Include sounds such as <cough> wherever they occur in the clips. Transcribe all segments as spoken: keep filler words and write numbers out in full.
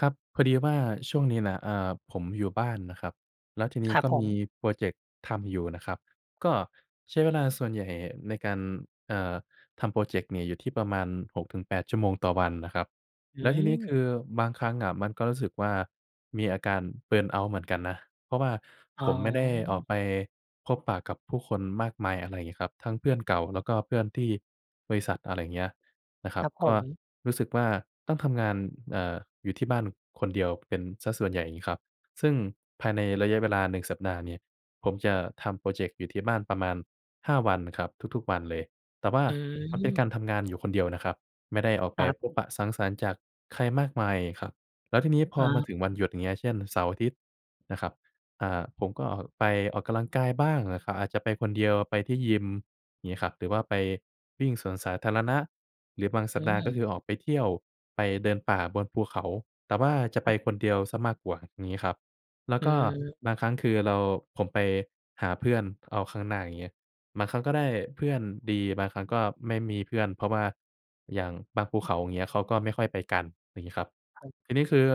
ครับ พอดีว่าช่วงนี้น่ะ อ่า ผมอยู่บ้านน่ะครับ แล้วทีนีค้รักบ็ผมีม พรอเจกต์ทำอยู่น่ะครับ ก็ใช้เวลาส่วนใหญ่ในการ เอ่อ ทำพรอเจกต์เนี่ยอยู่ที่ประมาณ หกถึงแปด ชั่วโมงต่อวันนะครับ อืแล้วทีนี้คืม อบางครั้งอะมันก็รู้สึกว่า มีอาการ เบิร์นเอาต์ เหมือนกันนะ เพราะว่าอ๋ผอ มไม่ได้ออกไปพบปะกับผู้คนมากมาย อะไรเงี้ยครับ ทั้งเพื่อนเก่าแล้วก็เพื่อนที่บริษัท อะไรเงี้ย นะครับ ครับผก็ม รู้สึกว่าต้องทำงาน อ่า อยู่ที่บ้านคนเดียวเป็นเสียส่วนใหญ่งี้ครับ ซึ่งภายในระยะเวลา หนึ่ง สัปดาห์เนี่ยผมจะทำพรอเจกต์อยู่ที่บ้านประมาณ ห้า วันครับ ทุก ๆ วันเลย แต่ว่าอืมันเป็นการม ทำงานอยู่คนเดียวนะครับ ไม่ได้ออกไคปรับ พบปะสังสรรค์จากใครมากมายครับ แล้วทีนี้พออา มาถึงวันหยุดอย่างเงี้ย เช่น เสาร์อาทิตย์ นะครับ อ่า ผมก็ออกไปออกกำลังกายบ้างนะครับ อาจจะไปคนเดียว ไปที่ยิม อย่างงี้ครับ หรือว่าไปวิ่งสวนสาธารณะหรือบางอสัืปดาห์ ก็คืม อออกไปเที่ยว ไปเดินป่าบนภูเขา แต่ว่าจะคไปรับ คนเดียวเสียมากกว่า อย่างงี้ครับ แล้อวืก็ม บางครั้งคือเรา ผมไปหาเพื่อนเอาข้างหน้า อย่างเงี้ย บางครั้งก็ได้เพื่อนดี บางครั้งก็ไม่มีเพื่อน เพราะว่าอย่างบางภูเขา อย่างเงี้ย เขาก็ไม่ค่อยไปกัน อย่างงี้ครับ ครับ ทีนี้คือ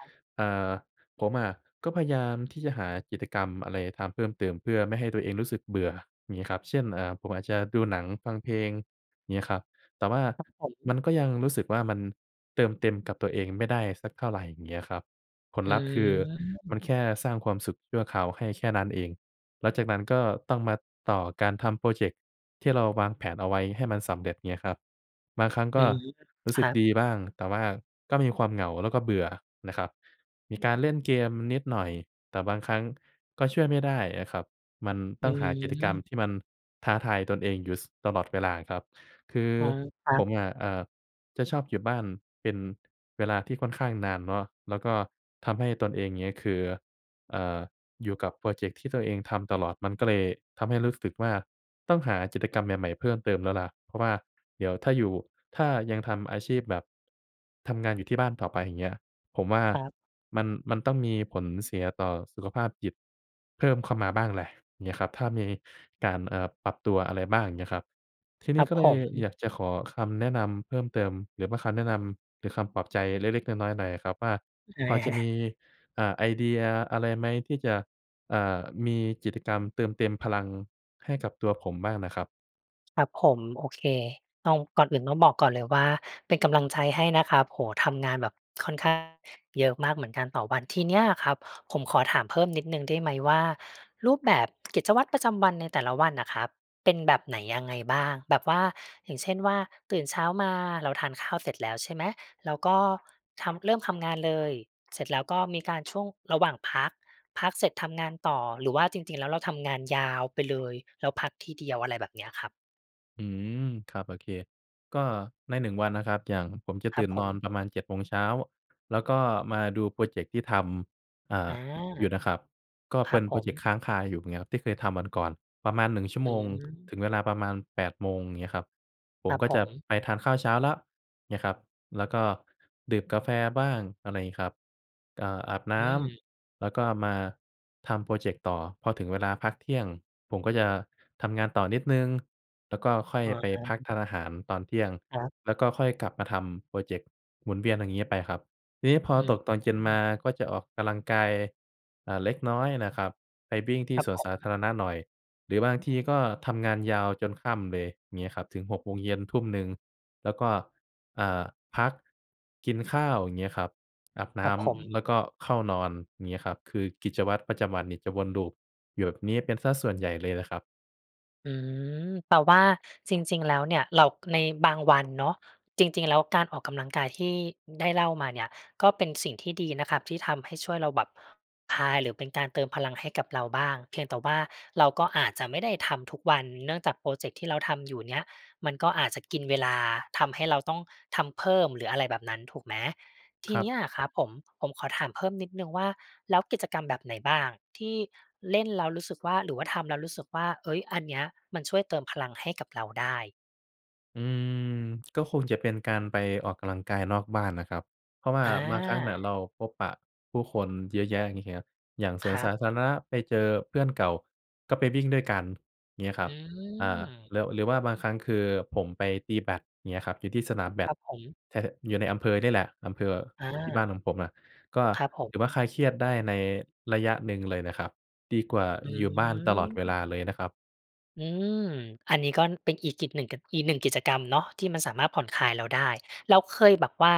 ครับ อ่า ผมอะก็พยายามที่จะหากิจกรรมอะไรทำเพิ่มเติม เพื่อไม่ให้ตัวเองรู้สึกเบื่อ อย่างงี้ครับ เช่น อ่า ผมอาจจะดูหนังฟังเพลง เงี้ยครับ แต่ว่าครับผม มันก็ยังรู้สึกว่ามันเติมเต็มกับตัวเองไม่ได้สักเท่าไร อย่างเงี้ยครับ ผลอืลัพธ์คือมันม แค่สร้างความสุขชั่วคราวให้แค่นั้นเอง แล้วจากนั้นก็ต้องมาต่อการทำพรอเจกต์ที่เราวางแผนเอาไว้ให้มันสำเร็จ เงี้ยครับ บางครั้งกอื็ม รู้คสึรกับ ดีบ้าง แต่ว่าก็มีความเหงา แล้วก็เบื่อนะครับ มีการเล่นเกมนิดหน่อย แต่บางครั้งก็ช่วยไม่ได้อะครับ มันอตื้องหากิจกรรมม ที่มันท้าทายตนเองอยู่ ส ตลอดเวลาครับ คืออ๋อ ครัผบ มอะ เอ่อ จะชอบอยู่บ้านเป็น เวลาที่ค่อนข้างนานเนาะ แล้วก็ทำให้ตนเองเงี้ย คือ เอ่อ อยู่กับพรอเจกต์ที่ตัวเองทำตลอด มันก็เลยทำให้รู้สึกว่า ต้องหากิจกรรมใหม่ ๆ เพิ่มเติมแล้วล่ะ เพราะว่าเดี๋ยวถ้าอยู่ ถ้ายังทำอาชีพแบบ ทำงานอยู่ที่บ้านต่อไป อย่างเงี้ย ผมว่าครับ มัน มันต้องมีผลเสียต่อสุขภาพจิต เพิ่มเข้ามาบ้างแหละ เงี้ยครับ ถ้ามีการ เอ่อ ปรับตัวอะไรบ้าง อย่างเงี้ยครับ ทีคนีร้ับก็เผลยอม ยากจะขอคำแนะนำเพิ่มเติม หรือว่าคำแนะนำหรือคำปลอบใจเล็ก ๆ น้อย ๆ หน่อยครับว่า อือ พอจอะมา ี อ่า ไอเดียอะไรไหมที่จะ อ่า มีกิจกรรมเติมเต็มพลังให้กับตัวผมบ้างน่ะครับ? ครับผม โอเค ต้อง ก่อนอื่นต้องบอกก่อนเลยว่าเป็นกำลังใจให้นะครับ โอ้โฮ ทำงานแบบค่อนข้างเยอะมากเหมือนกันต่อวัน ทีเนี้ยครับผมขอถามเพิ่มนิดหนึ่งได้ไหมว่า รูปแบบกิจวัตรประจำวันในแต่ละวันน่ะครับ เป็นแบบไหนยังไงบ้าง? แบบว่าอย่างเช่นว่า ตื่นเช้ามาเราทานข้าวเสร็จแล้วใช่ไหม เราก็ทำ เริ่มทำงานเลย เสร็จแล้วก็มีการช่วงระหว่างพัก พักเสร็จทำงานต่อ หรือว่าจริง ๆ แล้วเราทำงานยาวไปเลย แล้วพักทีเดียว อะไรแบบเนี้ยครับ? อืม ครับ โอเค ก็ใน หนึ่ง วันนะครับ อย่างผมจะครตัืบ่นผนอม นประมาณ เจ็ด โมงเช้า แล้วก็มาดูโพรเจกต์ที่ทำ อ่อา า อยู่นะครับ ก็คเปรั็บนโผพรเจกต์ม ค้างคาอยู่เงี้ยครับ ที่เคยทำวันก่อน ประมาณ หนึ่ง ชั่วอโืมงถม ึงเวลาประมาณ แปด โมงเงี้ยครับ ผคมรับก็ผจะม ไปทานข้าวเช้าแล้วเงี้ยครับ แล้วก็ดื่มกาแฟบ้าง อะไรอย่างงี้ครับ อ่า อาบนอื้ม ำ แล้วก็มาทำโพรเจกต์ต่อพอถึงเวลาพักเที่ยง ผมก็จะทำงานต่อนิดหนึ่ง แล้วก็ค่อยอ๋ไปอ พักทานอาหารตอนเที่ยง ครับ แล้วก็ค่อยกลับมาทำโพรเจกต์หมุนเวียนอย่างงี้ไปครับ ทีนี้พออืตกตอนเย็นมม าก็จะออกกำลังกาย เอ่อ เล็กน้อยนะครับ ไปวิ่งทีค่รับสวผนสาม ธารณะหน่อยหรือบางทีก็ทำงานยาวจนค่ำเลยงี้ครับ ถึง หกโมงเย็น ทุ่มหนึ่ง แล้วก็ อ่า พักกินข้าว อย่างเงี้ยครับ อาบนคร้ับผำ ม แล้วก็เข้านอนเงี้ยครับ คือกิจวัตรประจำวันเนี่ยจะวนลูปอยู่แบบนี้เป็นเสียส่วนใหญ่เลยล่ะครับ อืม แต่ว่าจริง ๆ แล้วเนี่ยเรา ในบางวันเนาะจริง ๆ แล้วการออกกำลังกาย ที่ได้เล่ามาเนี่ย ก็เป็นสิ่งที่ดีนะครับที่ทำให้ ช่วยเราแบบผ่อนคลาย หรือเป็นการเติมพลังให้กับเราบ้างเพียงแต่ว่า เราก็อาจจะไม่ได้ทำทุกวันเนื่องจากพรอเจกต์ที่เราทำ อยู่เนี่ยมัน ก็อาจจะกินเวลาทำให้เราต้องทำเพิ่ม หรืออะไรแบบนั้นถูกไหม ทีครัเนบ ี้ยอะครับผม ผมขอถามเพิ่มนิดหนึ่งว่า แล้วกิจกรรมแบบไหนบ้างที่เล่นแล้วรู้สึกว่า หรือว่าทำแล้วรู้สึกว่า เฮ้ย อันนี้มันช่วยเติมพลังให้กับเราได้? อืม ก็คงจะเป็นการไปออกกำลังกายนอกบ้านนะครับ เพราะว่าอบางครั้งน่ะา เราพบปะผู้คนเยอะแยะ อย่างเงี้ย อย่างสควนรัสาบ ธารณะ ไปเจอเพื่อนเก่าก็ไปวิ่งด้วยกันอย่างงี้คอรัืบ อ่า ม หรือ หรือว่าบางครั้ง คือ ผมไปตีแบดเงี้ยครับอยู่ที่สนามแบคด รับผม แต่ ถ อยู่ในอำเภอเนี่ยแหละ อำเภออา ที่บ้านของผมอะ ก็ครับผม ถือว่าคลายเครียดได้ในระยะหนึ่งเลยนะครับ ดีกว่าออยู่บ้านตลอดเวลืม าเลยนะครับ อืม อันนี้ก็เป็นอีกกิจหนึ่ง ก อีกหนึ่งกิจกรรมเนาะที่มันสามารถผ่อนคลายเราได้ แล้วเคยแบบว่า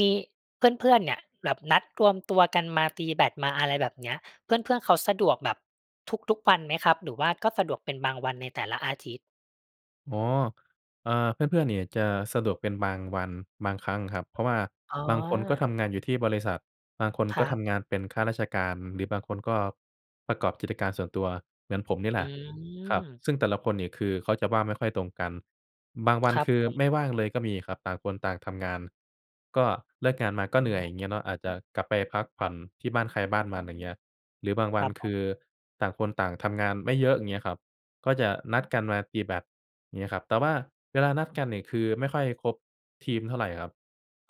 มีเพื่อน ๆ เนี่ยแบบนัดรวมตัวกันมา ตีแบดมา อะไรแบบเนี้ย เพื่อน ๆ เขาสะดวกแบบทุก ๆ วันไหมครับ หรือว่า ก็สะดวกเป็นบางวันในแต่ละอาทิตย์? อ๋อ เออ เพื่อน ๆ เนี่ยจะสะดวกเป็นบางวัน บางครั้งครับ เพราะว่าอ๋อ บางคนก็ทำงานอยู่ที่บริษัท บางคนคก็รัทบ ำงานเป็นข้าราชการ หรือบางคนก็ประกอบกิจการส่วนตัวเหมือนผมนี่แอหืละครับ ม ซึ่งแต่ละคนเนี่ย คือเขาจะว่างไม่ค่อยตรงกัน บางวัคนรัคบือผไม่ม ว่างเลยก็มีครับ ต่างคนต่างทำงาน ก็เลิกงานมาก็อเืหนื่อย ม อย่างเงี้ยเนาะ อาจจะกลับไปพักผ่อนที่บ้านใครบ้านมันอย่างเงี้ย หรือบางวคัรนับคผืม อต่างคนต่างทำงานไม่เยอะ อย่างเงี้ยครับ ก็จะนัดกันมาตีแบดเงี้ยครับ แต่ว่าเวลานัดกันเนี่ย คือไม่ค่อยครบทีมเท่าไรครับ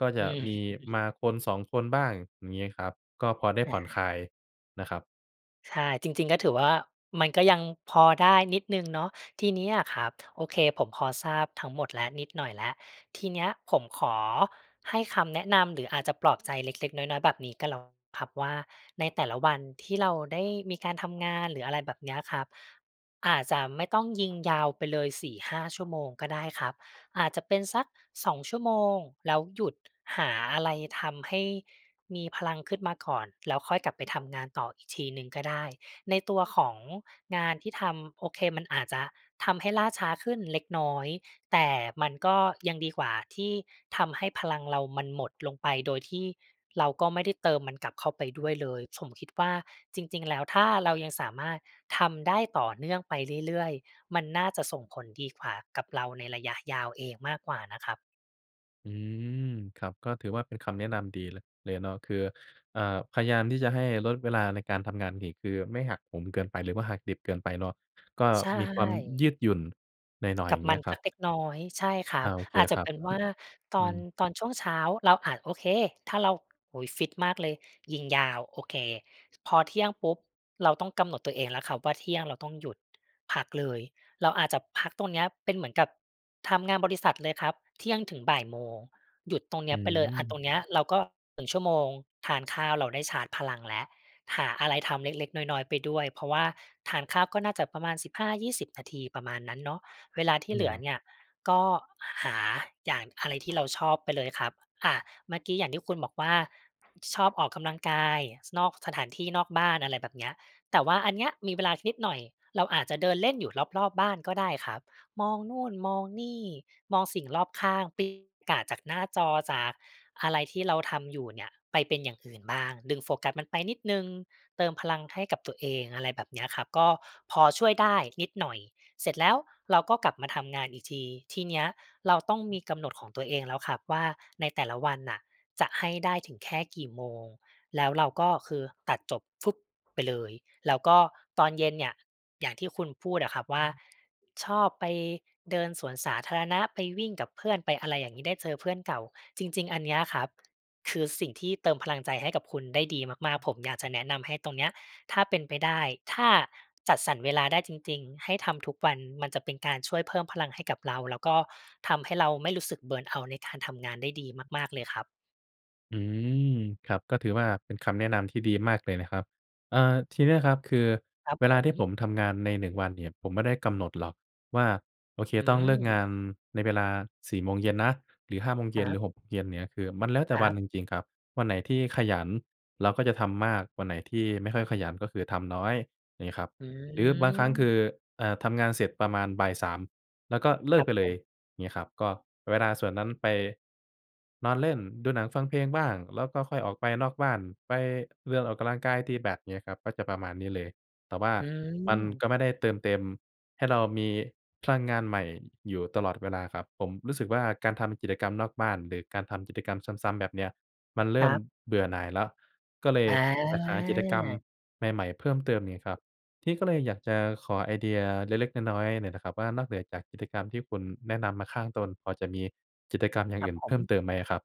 ก็จอืะอมีฮึ มาคน สอง คนบ้าง อย่างงี้ครับ ก็พอได้อผะ่อนฮคละ ายนะครับ ใช่ จริง ๆ ก็ถือว่า มันก็ยังพอได้นิดหนึ่งเนาะ ทีเนี้ยอะครับ โอเค ผมพอทราบทั้งหมดแล้ว นิดหน่อยแล้ว ทีเนี้ยผมขอให้คำแนะนำหรืออาจจะปลอบใจเล็ก ๆ น้อย ๆ แบบนี้ก็แล้วครับว่า ในแต่ละวันที่เราได้มีการทำงานหรืออะไรแบบเนี้ยครับ อาจจะไม่ต้องยิงยาวไปเลย สี่ห้า ชั่วโมงก็ได้ครับ อาจจะเป็นสัก สอง ชั่วโมง แล้วหยุดหาอะไรทำให้มีพลังขึ้นมาก่อน แล้วค่อยกลับไปทำงานต่ออีกทีหนึ่งก็ได้ ในตัวของงานที่ทำ โอเคมันอาจจะทำให้ล่าช้าขึ้นเล็กน้อย แต่มันก็ยังดีกว่าที่ทำให้พลังเรามันหมดลงไป โดยที่เราก็ไม่ได้เติมมันกลับเข้าไปด้วยเลย ผมคิดว่า จริง ๆ แล้วถ้าเรายังสามารถทำได้ต่อเนื่องไปเรื่อย ๆ มันน่าจะส่งผลดีกว่ากับเราในระยะยาวเองมากกว่านะครับ อือ ครับ ก็ถือว่าเป็นคำแนะนำดีเลย เลยเนาะ คือ อ่า พยายามที่จะให้ลดเวลาในการทำงานอีก คือไม่หักโหมเกินไป หรือว่าหักดิบเกินไปเนาะ ก็ใชมีความ่ ยืดหยุ่นหน่อย ๆ กอยั่บางเงมี้ัยนครสัับ กเล็กน้อย ใช่ครัอบ า โอเคอาจจคะรัเปบ ็นกว็ ่า ตอือน อ ตอนช่วงเช้าเราอาจ โอเค ถ้าเรา โอ้โฮ ฟิตมากเลยยิงยาว โอเค พอเที่ยงปุ๊บ เราต้องกำหนดตัวเองแล้วครับว่า เที่ยงเราต้องหยุดพักเลย เราอาจจะพักตรงเนี้ย เป็นเหมือนกับทำงานบริษัทเลยครับ เที่ยงถึง บ่าย โมง หยุดตรงเนอี้ยไปเลย อา ตืม รงเนี้ยเราก็ หนึ่ง ชั่วโมง ทานข้าวเราได้ชาร์จพลังแล้ว หาอะไรทำเล็ก ๆ น้อย ๆ ไปด้วย เพราะว่าทานข้าวก็น่าจะประมาณ สิบห้ายี่สิบ นาที ประมาณนั้นเนาะ เวลาทีอื่เหลืออ เนี่ย ก็หาอย่างอะไรที่เราชอบไปเลยครับ อา เมื่อกี้อย่างที่คุณบอกว่า ชอบออกกำลังกายนอกสถานที่ นอกบ้าน อะไรแบบเนี้ย แต่ว่าอันเนี้ยมีเวลานิดหน่อย เราอาจจะเดินเล่นอยู่รอบ ๆ บ้านก็ได้ครับ มองนู่น มองนี่ มองสิ่งรอบข้าง <unintelligible> จากหน้าจอ จากอะไรที่เราทำอยู่เนี่ย ไปเป็นอย่างอื่นบ้าง ดึงโฟกัสมันไปนิดหนึ่งเติมพลังให้กับตัวเอง อะไรแบบเนี้ยครับ ก็พอช่วยได้นิดหน่อย เสร็จแล้วเราก็กลับมาทำงานอีกที ทีเนี้ยเราต้องมีกำหนดของตัวเองแล้วครับว่า ในแต่ละวันน่ะจะให้ได้ถึงแค่กี่โมง แล้วเราก็คือตัดจบฟึบไปเลย แล้วก็ตอนเย็นเนี่ย อย่างที่คุณพูดอะครับว่อืา อ ชอบไปเดินสวนสาธารณะ ไปวิ่งกับเพื่อน ไปอะไรอย่างงี้ ได้เจอเพื่อนเก่า จริง ๆ อันเนี้ยครับ คือสิ่งที่เติมพลังใจให้กับคุณได้ดีมาก ๆ ผมอยากจะแนะนำให้ตรงเนี้ยถ้าเป็นไปได้ ถ้าจัดสรรเวลาได้จริง ๆ ให้ทำทุกวันมันจะเป็นการช่วยเพิ่มพลังให้กับเรา แล้วก็ทำให้เราไม่รู้สึก Burn out ในการทำงานได้ดีมาก ๆ เลยครับ อืม ครับ ก็ถือว่าเป็นคำแนะนำที่ดีมากเลยนะครับ อ่า ทีนี้นะครับ คือครับเวผลาที่ผม มทำงานใน หนึ่ง วันเนี่ย ผมไม่ได้กำหนดหรอกว่า โอเคอืต้องเลิกงาอ นในเวลา สี่ โมงเย็นนะ หรือ ห้า โมงเยค็รน ัหรืบ อ หก โมงเย็นเนี้ย คือมันแล้วแต่ครวัันบ จริง ๆ ครับ วันไหนที่ขยันเราก็จะทำมาก วันไหนที่ไม่ค่อยขยัน ก็คือทำน้อย อย่างงี้ครับ อืหรือบางครั้ง คือ อ เอ่อ ทำงานเสร็จประมาณบ่าย สาม แล้วก็เลคิรกับไปเผลย ม งี้ครับ ก็เวลาส่วนนั้นไปนอนเล่นดูหนังฟังเพลงบ้าง แล้วก็ค่อยออกไปนอกบ้าน ไปเดินออกกำลังกาย ตีแบต อย่างเงี้ยครับ ก็จะประมาณนี้เลย แต่ว่าอืมันกม ็ไม่ได้เติมเต็มให้เรามีพลังงานใหม่อยู่ตลอดเวลาครับ ผมรู้สึกว่า การทำจิตรกรรมนอกบ้าน หรือการทำกิจกรรมซ้ำ ๆ แบบเนี้ยมันเรคิ่รมับ เบื่อหน่ายแล้ว ก็เลยออยากหากิจกรรมา ใหม่ ๆ เพิ่มเติม อย่างเงี้ยครับ พี่ก็เลยอยากจะขอไอเดียเล็ก ๆ น้อย ๆ หน่อยนะครับว่า นอกเหนือจากกิจกรรมที่คุณแนะนำมาข้างต้น พอจะมีกิจกรรมอย่าคงรอัืบ่นผเพิ่มม เติมไหมอะครับ?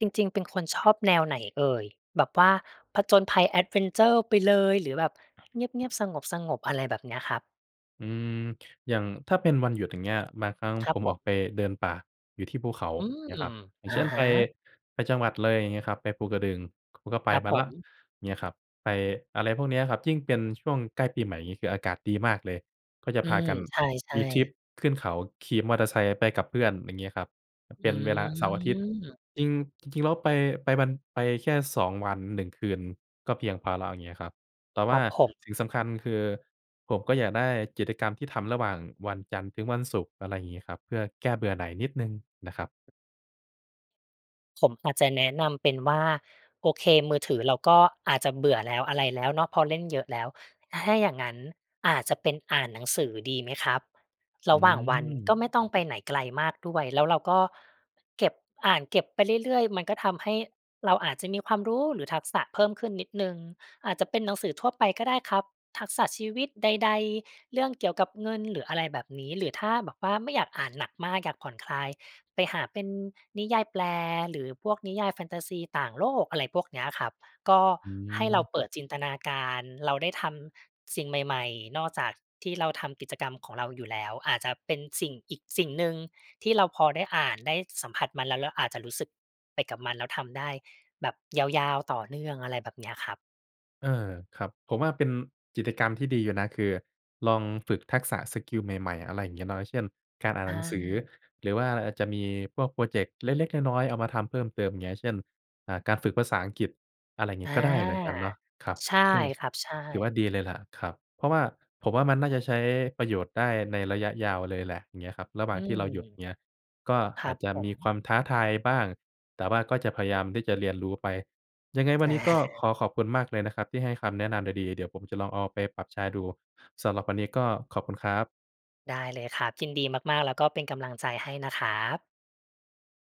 จริง ๆ เป็นคนชอบแนวไหนเอ่ย แบบว่าผจญภัยแอดเวนเชอร์ไปเลย หรือแบบเงียบ ๆ สงบ ๆ อะไรแบบเนี้ยครับ? อือ อย่างถ้าเป็นวันหยุด อย่างเงี้ย บางครั้งครัผบมผอม อกไปเดินป่าอยู่ที่ภูเขาอืม เนี้ยครับ อย่าองะเช่นฮไป ะ ไปจังหวัดเลย อย่างเงี้ยครับ ไปภูกระดึง ผมก็ไปครับมาผแล้วม เงี้ยครับ ไปอะไรพวกนี้อะครับ ยิ่งเป็นช่วงใกล้ปีใหม่ อย่างงี้ คืออากาศดีมากเลยก็จะอืพาม กันใชม่ ีทริปๆ ขึ้นเขาขี่มอเตอร์ไซค์ไปกับเพื่อน อย่างงี้ครับ อเปื็นเวลา เสาร์อาทิตย์ ม จริง จริง ๆ แล้วไป ไปวัน ไปแค่ สอง วัน หนึ่ง คืนก็เพียงพอแล้ว อย่างนี้ครับ แต่วค่รัาบผม สิ่งสำคัญคือผมก็อยากได้กิจกรรมที่ทำระหว่างวันจันทร์ถึงวันศุกร์ อะไรงี้ครับ เพื่อแก้เบื่อหน่ายนิดหนึ่งนะครับ ผมอาจจะแนะนำเป็นว่า โอเค มือถือเราก็อาจจะเบื่อแล้ว อะไรแล้วเนาะ พอเล่นเยอะแล้ว ถ้าอย่างงั้นอาจจะเป็นอ่านหนังสือดีไหมครับ รอืะหว่างวันกอ ็ไม่ต้องไปไหนไกลมากด้วย แล้วเราก็เก็บ อ่านเก็บไปเรื่อย ๆ มันก็ทำให้เราอาจจะมีความรู้ หรือทักษะเพิ่มขึ้นนิดหนึ่ง อาจจะเป็นหนังสือทั่วไปก็ได้ครับ ทักษะชีวิตใด ๆ เรื่องเกี่ยวกับเงินหรืออะไรแบบนี้ หรือถ้าแบบว่าไม่อยากอ่านหนักมาก อยากผ่อนคลายไปหาเป็นนิยายแปลหรือพวกนิยายแฟนตาซีต่างโลก อะไรพวกเนี้ยครับ ก็อืให้เราอ เปิดจินตนาการ เราได้ทำสิ่งใหม่ ๆ นอกจากที่เราทำกิจกรรมของเราอยู่แล้ว อาจจะเป็นสิ่งอีกสิ่งหนึ่งที่เราพอได้อ่านได้สัมผัสมัน แล้วเราอาจจะรู้สึกไปกับมัน แล้วทำได้แบบยาว ๆ ต่อเนื่องอะไรแบบเนี้ยครับ เออ ครับ ผมว่าเป็นกิจกรรมที่ดีอยู่นะ คือลองฝึกทักษะสกิลใหม่ ๆ อะไรอย่างเงี้ยเนาะ เช่นการอ่านอหนังสือ า หรือว่าอาจจะมีพวกพรอเจกต์เล็ก ๆ น้อย ๆ เอามาทำเพิ่มเติม อย่างเงี้ย เช่น อ่า การฝึกภาษาอังกฤษ อะไรอย่างอนีา ้ ก็ได้เหมือนกันเนาะ ครับ ใช่ซึ่งครับ ใชถือว่า่ ดีเลยล่ะครับ เพราะว่าผมว่ามันน่าจะใช้ประโยชน์ได้ในระยะยาวเลยแหละ เงี้ยครับ ระหวอ่ืางที่ม เราหยุดเงี้ย ก็ครอัาจบจะผมม ีความท้าทายบ้าง แต่ว่าก็จะพยายามที่จะเรียนรู้ไป ยังไงวแันนนี้ก็ข่ อขอบคุณมากเลยนะครับ ที่ให้คำแนะนำดี ๆ เดี๋ยวผมจะลองเอาไปปรับใช่ดู สำหรับวันนี้ก็ขอบคุณครับ ได้เลยครับ ยินดีมาก ๆ แล้วก็เป็นกำลังใจให้นะครับ